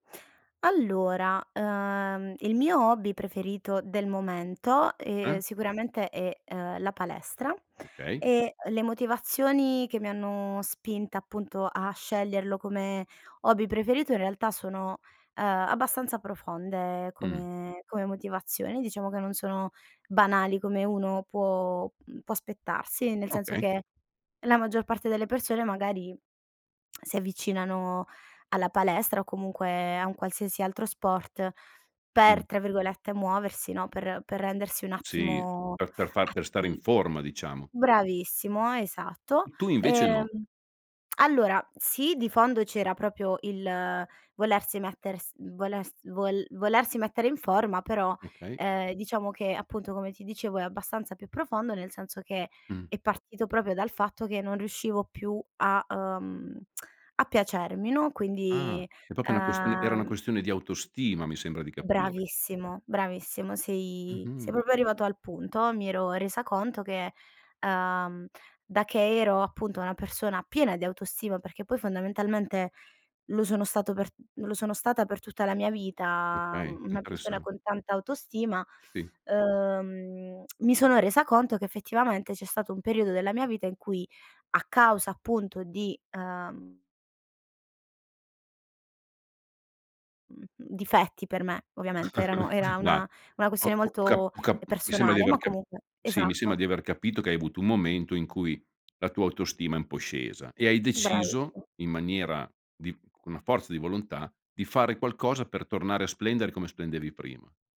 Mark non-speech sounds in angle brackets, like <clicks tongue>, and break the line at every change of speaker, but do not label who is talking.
Allora, ehm, il mio hobby preferito del momento, ehm,
Mh.
sicuramente è, ehm, la palestra
Okay.
e le motivazioni che mi hanno spinta, appunto a sceglierlo come hobby preferito, in realtà sono, ehm, abbastanza profonde
Mh.
come come motivazioni. Diciamo che non sono banali come uno può mhmm, può aspettarsi, nel senso
Okay.
che, la maggior parte delle persone magari <tsk> si avvicinano alla palestra, o comunque a un qualsiasi altro sport
Mh.
per, tra virgolette, "muoversi" no? Per per rendersi un
Sì,
attimo
per per far per stare in
atti
forma diciamo.
bravissimo, esatto.
Tu invece
Ehm,
no.
<smacks lips> allora sì, di fondo c'era proprio il volersi metters volers vol volersi mettere in forma, però,
Okay.
ehm, diciamo che appunto, come ti dicevo è abbastanza più profondo, nel senso che
Mh.
è partito proprio dal fatto che non riuscivo più a, uhm, <tsk> a piacermi, no?
Ah
Quindi,
è proprio una questione era una
ehm
questione di autostima, mi sembra di capire.
Bravissimo, bravissimo, sei
Mh-mh.
sei proprio arrivato al punto. Mi ero resa conto che, ehm, da che ero appunto una persona piena di autostima, perché poi fondamentalmente lo sono stato per lo sono stata per tutta la mia vita
Okay,
una persona
interessan
con tanta autostima,
Sì.
ehm, <clicks tongue> mi sono resa conto che effettivamente c'è stato un periodo della mia vita, in cui a causa appunto di, ehm mhmm, mhmm, difetti per me ovviamente, erano
<chuckles>
era
Dai,
una una questione
ho ho cap
molto
ho ca mi sembra di
personale,
aver
ma
capi
comunque
sì, mi sembra
esatto.
di aver capito, che hai avuto un momento in cui la tua autostima è un po' scesa, e hai deciso
Bravissi
in maniera di con la forza di volontà, di fare qualcosa per tornare a splendere, come splendevi prima.